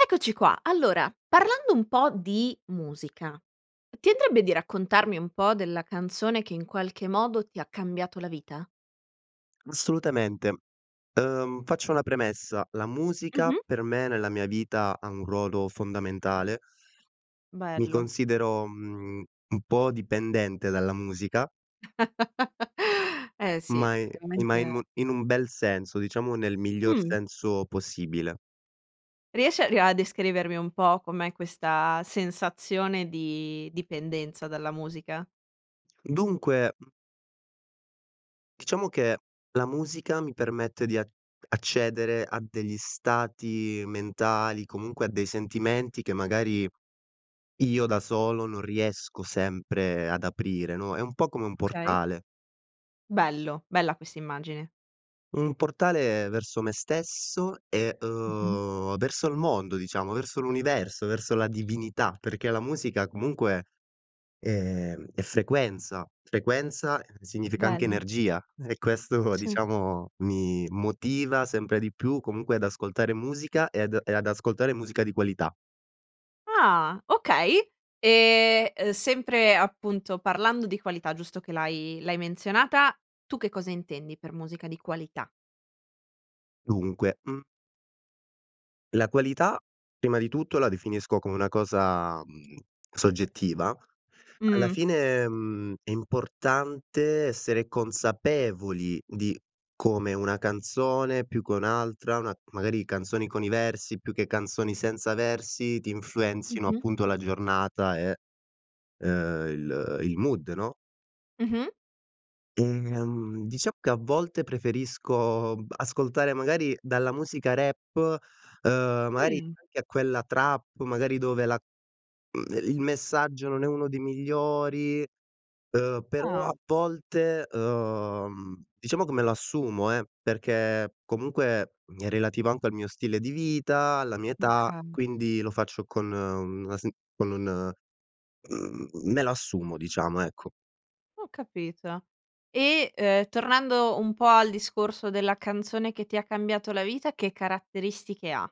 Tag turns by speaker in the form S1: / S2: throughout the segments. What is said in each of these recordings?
S1: Eccoci qua, allora, parlando un po' di musica, ti andrebbe di raccontarmi un po' della canzone che, in qualche modo, ti ha cambiato la vita?
S2: Assolutamente. Uhm, faccio una premessa: la musica
S1: Mh-mh.
S2: per me, nella mia vita, ha un ruolo fondamentale. Mi
S1: Bello.
S2: considero, mhmm, un po' dipendente dalla musica.
S1: Eh sì,
S2: Ma i ma i
S1: chiaramente
S2: mu in un bel senso, diciamo, nel miglior
S1: Mh.
S2: senso possibile.
S1: Riesci a ri a descrivermi un po' com'è questa sensazione di dipendenza dalla musica?
S2: Dunque diciamo che la musica mi permette di a accedere a degli stati mentali, comunque a dei sentimenti che magari io da solo non riesco sempre ad aprire, no, è un po' come un
S1: Okay.
S2: portale.
S1: Bello, bella quest'immagine.
S2: Un portale verso me stesso e,
S1: Mh-mh.
S2: uhm, verso il mondo, diciamo, verso l'universo, verso la divinità perché la musica, comunque, ehm, è frequenza. Frequenza significa anche
S1: Bello.
S2: energia e questo,
S1: Sì.
S2: diciamo, mi motiva sempre di più comunque ad ascoltare musica ed e ad ascoltare musica di qualità.
S1: Ah, okay. E, ehm, sempre, appunto, parlando di qualità, giusto che l'hai l'hai menzionata, tu che cosa intendi per musica di qualità?
S2: Dunque, mhmm la qualità, prima di tutto, la definisco come una cosa, mhmm, soggettiva. Alla
S1: Mh.
S2: fine, mhmm, è importante essere consapevoli di come una canzone, più che un'altra, una magari canzoni con i versi più che canzoni senza versi, ti influenzino,
S1: Mh-mh.
S2: appunto, la giornata, eh, ehm, il il mood, no?
S1: Mh-mh.
S2: Ehm, diciamo che a volte preferisco b ascoltare magari dalla musica rap, ehm, magari
S1: Mh.
S2: anche a quella trap, magari dove la ehm, il messaggio non è uno dei migliori, ehm, però,
S1: Ah.
S2: a volte, ehm, diciamo come l'assumo, eh, perché comunque è relativo anche al mio stile di vita, alla mia età,
S1: Okay.
S2: quindi lo faccio con una sen con un mhmm, m me la assumo, diciamo, ecco.
S1: Ho capito. E, uhm, tornando un po' al discorso della canzone che ti ha cambiato la vita, che caratteristiche ha?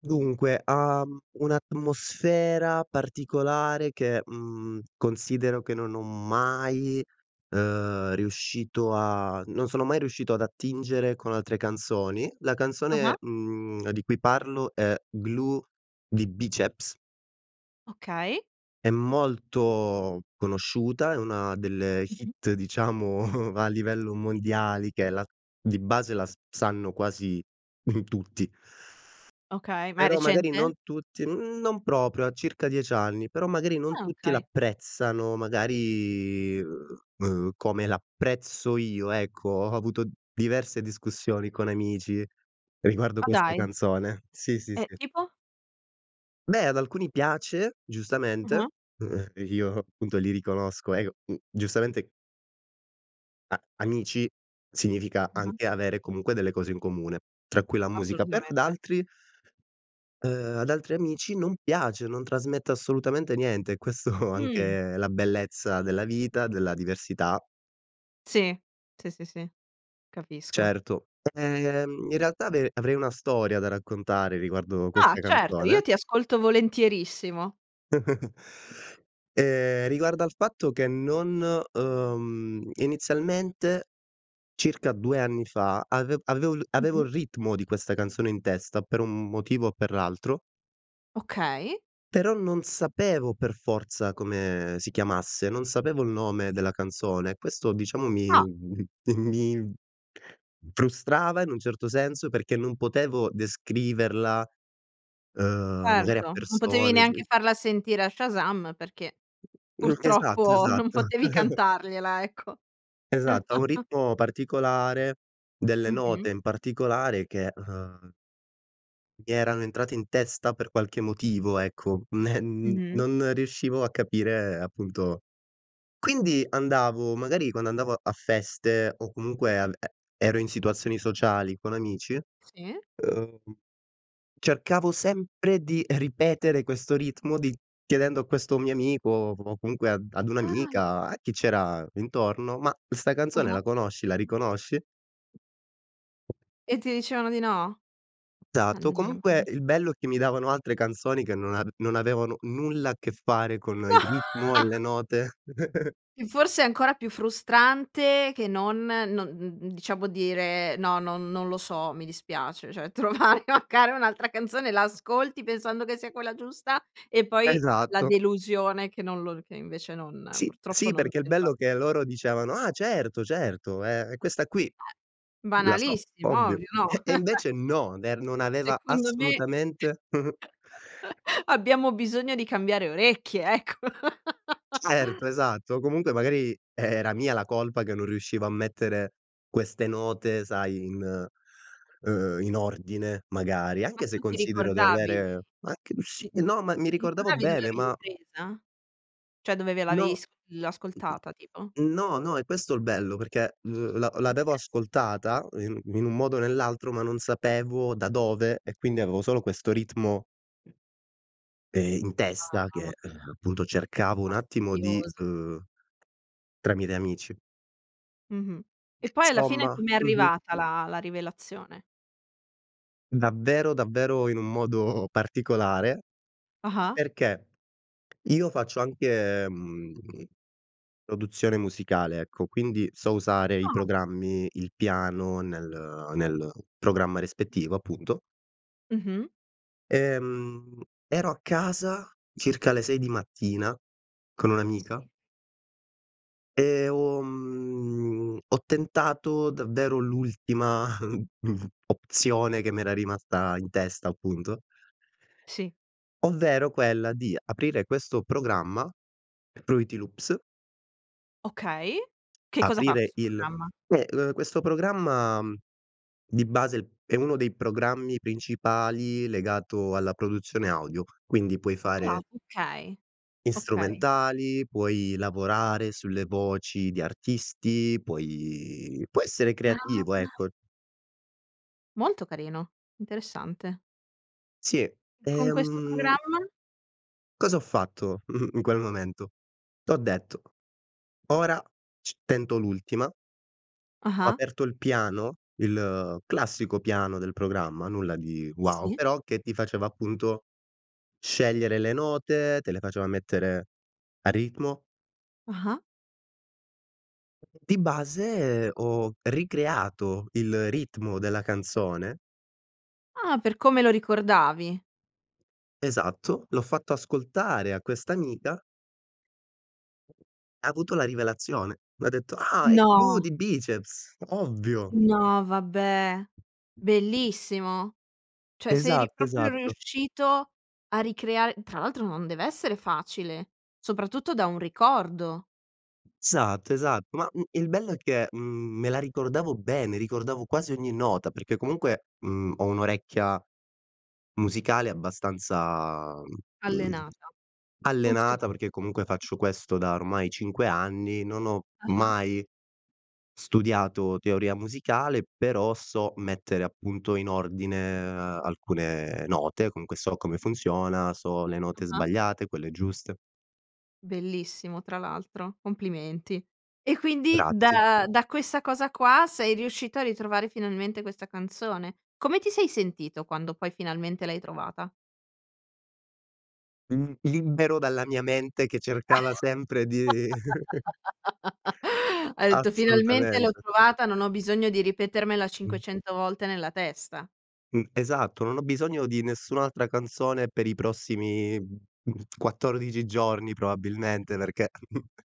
S2: Dunque, ha un'atmosfera particolare che, mhmm, considero che non ho mai ehm, riuscito a non sono mai riuscito ad attingere con altre canzoni. La canzone,
S1: Ah-ah.
S2: mhmm, di cui parlo è Glue di Biceps.
S1: Okay.
S2: È molto conosciuta, è una delle
S1: Mh-mh.
S2: hit diciamo, va a livello mondiali che la di base la s sanno quasi tutti.
S1: Okay, ma è
S2: Però magari
S1: recente?
S2: non tutti mhmm, non proprio, ha circa 10 anni, però magari non
S1: Ah
S2: tutti
S1: okay.
S2: l'apprezzano, magari, uhm, come l'apprezzo io, ecco. Ho avuto diverse discussioni con amici riguardo
S1: Ma
S2: questa
S1: dai.
S2: canzone. Sì, sì,
S1: Eh,
S2: sì.
S1: tipo?
S2: Beh, ad alcuni piace,
S1: Ah-ah.
S2: giustamente; io, punto, li riconosco, eh, c mhmm, giustamente a amici significa
S1: Ah-ah.
S2: anche avere comunque delle cose in comune tra cui la musica. Però ad
S1: Assolutamente.
S2: altri ehm, ad altri amici non piace, non trasmette assolutamente niente, questo è
S1: Mh.
S2: anche la bellezza della vita, della diversità.
S1: Sì. Sì, sì, sì. Capisco.
S2: Certo, ehm, in realtà, avere avrei una storia da raccontare riguardo
S1: Ah,
S2: questa
S1: certo,
S2: canzone.
S1: io ti ascolto volentierissimo.
S2: Ehm, riguardo al fatto che non uhm, inizialmente, circa 2 anni fa, ave avevo il avevo
S1: Mh-mh.
S2: il ritmo di questa canzone in testa per un motivo o per l'altro.
S1: Okay.
S2: Però non sapevo per forza come si chiamasse, non sapevo il nome della canzone. Questo diciamo mi
S1: Ah.
S2: mi frustrava, in un certo senso, perché non potevo descriverla, ehm, magari a
S1: Certo, non potevi
S2: persone s
S1: neanche farla sentire a Shazam perché
S2: Mh, esatto,
S1: purtroppo non
S2: esatto.
S1: potevi cantargliela ecco.
S2: Esatto, ha un ritmo particolare, delle note,
S1: Mh-mh.
S2: in particolare, che, ehm mi erano entrate in testa per qualche motivo, ecco, m ehm,
S1: Mh-mh.
S2: non riuscivo a capire, appunto. Quindi andavo magari quando andavo a feste o comunque ehm e ero in situazioni sociali con amici,
S1: Sì?
S2: ehm, cercavo sempre di ripetere questo ritmo di chiedendo a questo mio amico o o comunque ad ad
S1: Ah.
S2: un'amica, a chi c'era intorno: "Ma, 'sta canzone
S1: Ah-ah.
S2: la conosci, la riconosci?"
S1: E ti dicevano di no?
S2: Esatto. Comunque
S1: Mannaggia.
S2: il bello è che mi davano altre canzoni che non a non avevano nulla a che fare con il ritmo e le note.
S1: E forse ancora più frustrante che non non n n diciamo dire: "No, non non lo so, mi dispiace", cioè trovare magari un'altra canzone, la ascolti pensando che sia quella giusta e poi la
S2: Esatto.
S1: delusione che non lo che invece non
S2: Sì,
S1: purtroppo
S2: sì,
S1: non
S2: perché il
S1: c'entra.
S2: bello è che loro dicevano: "Ah certo, certo, è è questa qui,
S1: Eh.
S2: la so,
S1: Banalissimo,
S2: ovvio."
S1: ovvio, no?
S2: E e invece no, ver non aveva
S1: Secondo me,
S2: assolutamente
S1: abbiamo bisogno di cambiare orecchie, ecco.
S2: Certo, esatto. Comunque magari era mia la colpa che non riuscivo a mettere queste note, sai, in ehm, in ordine, magari,
S1: Ma
S2: anche se
S1: tu ti
S2: considero di
S1: ricordavi
S2: avere anche s
S1: ti
S2: no, ma mi
S1: ti
S2: ricordavo
S1: ricordavi dove
S2: bene,
S1: l'avevi
S2: ma
S1: presa? Cioè dove ve l'avevi
S2: No.
S1: s l
S2: Mh-mh.
S1: ascoltata tipo?
S2: No, no, è questo il bello perché l l'a
S1: Oka
S2: l'avevo
S1: sì.
S2: ascoltata in in un modo o nell'altro, ma non sapevo da dove e quindi avevo solo questo ritmo ehm, in
S1: Ah,
S2: testa che, eh,
S1: mamma mia.
S2: appunto,
S1: È
S2: cercavo un attimo di
S1: fastidioso.
S2: uhm, tramite amici
S1: Mh-mh. E poi alla fine
S2: Somma,
S1: com'è
S2: mh-mh.
S1: arrivata la la rivelazione?
S2: Davvero, davvero, in un modo particolare
S1: Ah-ah.
S2: perché io faccio anche, mhmm, produzione musicale, ecco, quindi so usare i
S1: Ah.
S2: programmi, il piano nel nel programma rispettivo, appunto.
S1: Mh-mh.
S2: Ehm, ero a casa, circa alle 6 di mattina, con un'amica
S1: Sì.
S2: e ho mhmm, ho tentato davvero l'ultima opzione che m'era rimasta in testa, appunto
S1: Sì.
S2: ovvero quella di aprire questo programma, Fruity Loops.
S1: Okay, che cosa fa
S2: Aprire
S1: questo
S2: il
S1: programma?
S2: Eh, uhm, questo programma, mhmm, di base è uno dei programmi principali legato alla produzione audio, quindi, puoi
S1: Ah,
S2: fare
S1: okay.
S2: i
S1: Okay.
S2: strumentali, puoi lavorare sulle voci di artisti, puoi puoi essere creativo,
S1: Veramente?
S2: ecco.
S1: Molto carino, interessante.
S2: Sì,
S1: Con questo
S2: ehm
S1: programma?
S2: Cosa ho fatto in quel momento? T'ho detto: "Ora c tento l'ultima". Ho
S1: Ah-ah.
S2: aperto il piano, il classico piano del programma, nulla di wow,
S1: Sì.
S2: però che ti faceva, appunto, scegliere le note, te le faceva mettere a ritmo.
S1: Ah-ah.
S2: Di base ho ricreato il ritmo della canzone.
S1: Ah, per come lo ricordavi.
S2: Esatto. L'ho fatto ascoltare a questa amica Ha avuto la rivelazione. M'ha detto: "Ah, i Glue
S1: No.
S2: di Bicep, s ovvio!"
S1: No, vabbè. Bellissimo. Cioè sei ri
S2: Esatt
S1: proprio
S2: esatto.
S1: riuscito a ricreare tra l'altro non deve essere facile, soprattutto da un ricordo.
S2: Esatto, esatto. Ma, mhmm, il bello è che, mhmm, me la ricordavo bene, ricordavo quasi ogni nota, perché comunque, mhmm, ho un'orecchia musicale abbastanza, mhmm,
S1: Allenata. Funziona
S2: allenata, perché comunque faccio questo da ormai 5 anni, non ho
S1: Ah-ah.
S2: mai studiato teoria musicale, però so mettere, appunto, in ordine alcune note. Comunque, so come funziona, so le note
S1: Ah-ah.
S2: sbagliate, quelle giuste.
S1: Bellissimo tra l'altro, complimenti. E, quindi
S2: Grazie.
S1: da da questa cosa qua sei riuscito a ritrovare finalmente questa canzone. Come ti sei sentito quando, poi, finalmente l'hai trovata?
S2: Mhmm, libero dalla mia mente che cercava sempre di
S1: Hai detto: "Finalmente l'ho
S2: Assolutamente.
S1: trovata, non ho bisogno di ripetermela
S2: Mh.
S1: 500 volte nella testa."
S2: Mh. Esatto. Non ho bisogno di nessun'altra canzone per i prossimi, mhmm, 14 giorni probabilmente, perché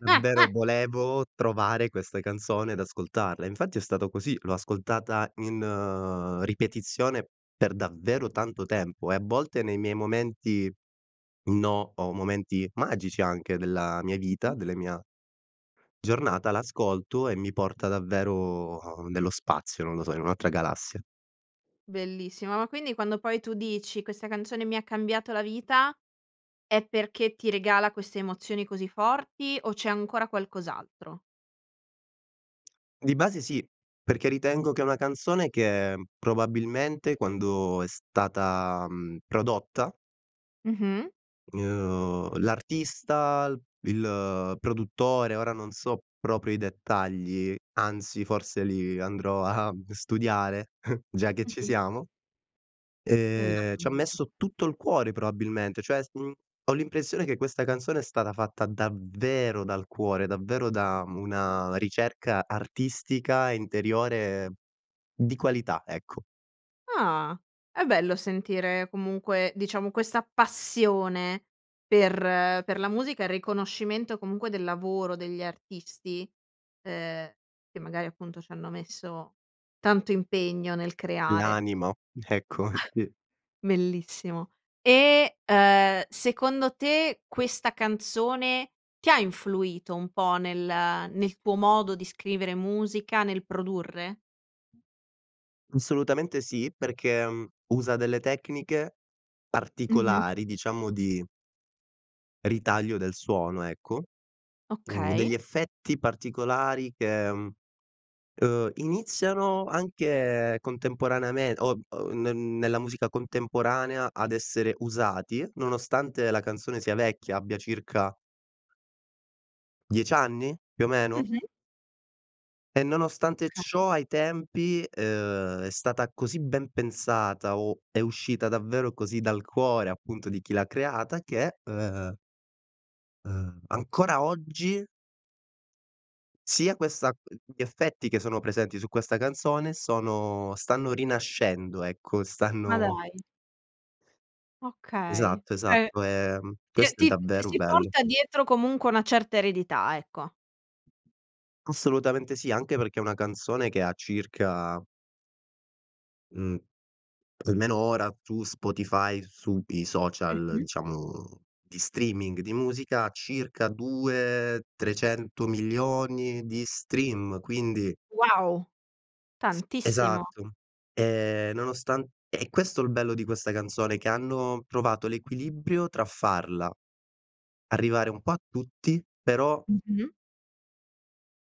S2: Mhmm, vero volevo trovare questa canzone ed ascoltarla, e infatti è stato così, l'ho ascoltata in ripetizione per davvero tanto tempo, e a volte nei miei momenti no o momenti magici anche della vita,
S1: Mh-mh.
S2: delle mia giornata la ascolto e mi porta davvero nello spazio, non lo so, in un'altra galassia.
S1: Bellissimo, ma quindi quando, poi, tu dici: "Questa canzone mi cambiato la vita." è perché ti regala queste emozioni così forti, o c'è ancora qualcos'altro?
S2: Di base sì, perché ritengo che è una canzone che, mhmm, probabilmente quando è stata, mhmm, prodotta
S1: Mh-mh.
S2: uhm, l'artista, l il produttore ora non so proprio i dettagli, anzi, forse, lì andrò a, mhmm, studiare, già che ci
S1: Mh-mh.
S2: siamo,
S1: È
S2: ehm,
S1: arrivato il
S2: c'ha
S1: momen
S2: messo tutto il cuore, probabilmente. Cioè, s mhmm, ho l'impressione che questa canzone è stata fatta davvero dal cuore, davvero da una ricerca artistica interiore di qualità, ecco.
S1: Ah! È bello sentire, comunque, diciamo, questa passione per per la musica, e riconoscimento, comunque, del lavoro degli artisti, uhm, che magari, appunto, c'hanno messo tanto impegno nel creare.
S2: L'animo, ecco. Sì.
S1: Bellissimo. E, uhm, secondo te, questa canzone, ti ha influito un po' nel nel tuo modo di scrivere musica, nel produrre?
S2: Assolutamente sì, perché, mhmm, usa delle tecniche
S1: Mh-mh.
S2: particolari diciamo di ritaglio del suono, ecco, mhmm,
S1: Okay.
S2: degli effetti particolari che, mhmm, ehm, iniziano anche contemporaneame o o n ne nella musica contemporanea ad essere usati nonostante la canzone sia vecchia, abbia circa 10 anni? Più o meno?
S1: Mh-mh.
S2: E nonostante
S1: Okay.
S2: ciò ai tempi, ehm, è stata così ben pensata o è uscita davvero così dal cuore, appunto, di chi l'ha creata che, ehm ehm, ancora oggi sia questa uhm, gli effetti che sono presenti su questa canzone sono stanno rinascendo, ecco,
S1: Ma
S2: stanno
S1: dai! Okay.
S2: Esatto,
S1: Cioè
S2: esatto, ehm,
S1: te
S2: questo è
S1: ti f ti
S2: davvero
S1: si
S2: bello.
S1: porta dietro comunque una certa eredità, ecco.
S2: Assolutamente sì, anche perché è una canzone che ha circa mhmm, almeno ora su Spotify su i social
S1: Mh-mh.
S2: diciamo di streaming, di musica circa 2, 300.000.000 di stream; quindi
S1: Wow!
S2: Sì,
S1: Tantissimo.
S2: esatto. Ehm, nonostan e questo è il bello di questa canzone che hanno provato l'equilibrio tra farla arrivare un po' a tutti, però
S1: Mh-mh.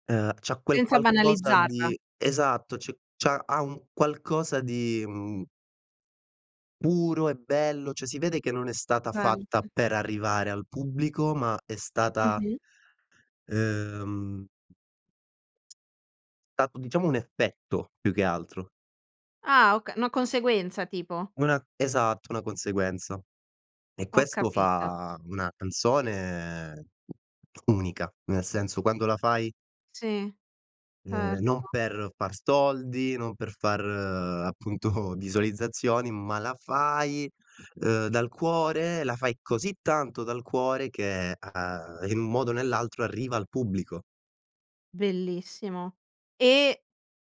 S2: ehm, c'ha quel
S1: Senza
S2: qualcosa
S1: banalizzarla.
S2: di esatto, c c'ha ha un qualcosa di, mhmm puro e bello, cioè si vede che non è stata fatta
S1: [unintelligible]
S2: per arrivare al pubblico ma è stata
S1: Mh-mh.
S2: ehm, stato diciamo un effetto, più che altro.
S1: Ah oka una conseguenza tipo.
S2: Una esatto, una conseguenza. E
S1: Ho
S2: questo
S1: capito.
S2: fa una canzone unica. Nel senso quando la fai
S1: Sì.
S2: ehm, non
S1: Erto.
S2: per far soldi, non per far appunto visualizzazioni, ma la fai, ehm, dal cuore, la fai così tanto dal cuore che a a in modo o nell'altro arriva al pubblico.
S1: Bellissimo. E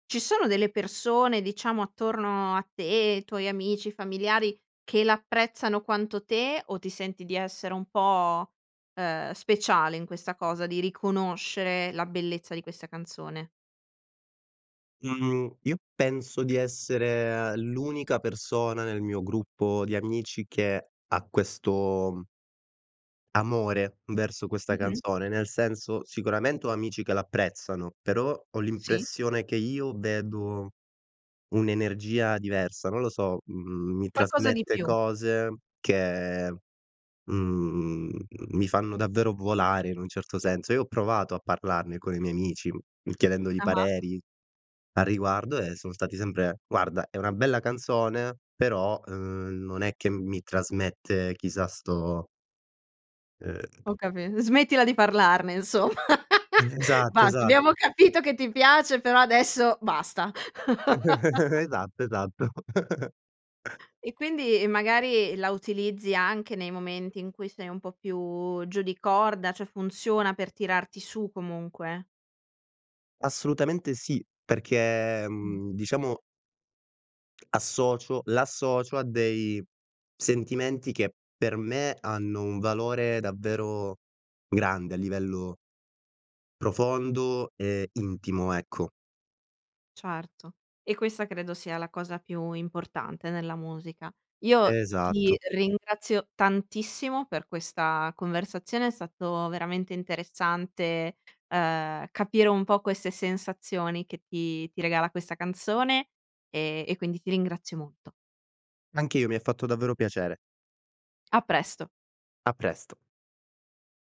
S1: ci sono delle persone diciamo attorno a te, tuoi amici, familiari che l'apprezzano quanto te o ti senti di essere un po', ehm, speciale in questa cosa di riconoscere la bellezza di questa canzone?
S2: Mhmm, io penso di essere l'unica persona nel mio gruppo di amici che ha questo amore verso questa
S1: Mh-mh.
S2: canzone, nel senso sicuramente ho amici che l'apprezzano, però ho
S1: Sì.
S2: l'impressione che io vedo un'energia diversa, non lo so. Mh mhmm, mi
S1: Qualcosa di
S2: trasmette
S1: più.
S2: cose che, mhmm, mi fanno davvero volare in un certo senso. Io ho provato a parlarne con i miei amici chiedendogli
S1: Ah-ah.
S2: pareri a riguardo e son stati sempre: "Guarda, è una bella canzone però, ehm, non è che mi trasmette chissà sto" ehm
S1: Ho capi smettila di parlarne insom
S2: E esatto,
S1: Basta. Abbiamo
S2: esatto.
S1: capito che ti piace però adesso basta.
S2: Esatto, esatto.
S1: E quindi magari la utilizzi anche nei momenti in cui sei un po' più giù di corda, cioè funziona per tirarti su comunque.
S2: Assolutamente sì, perché,
S1: Mh.
S2: ehm, diciamo associo l'associo a dei sentimenti che per me hanno un valore davvero grande a livello profondo e intimo, ecco.
S1: Certo, e questa credo sia la cosa più importante nella musica. Io
S2: Esatto.
S1: ti ringrazio tantissimo per questa conversazione, è stato veramente interessante, ehm, capire un po' queste sensazioni che ti ti regala questa canzone e e quindi ti ringrazio molto.
S2: Anche io, mi ha fatto davvero piacere.
S1: A presto.
S2: A presto.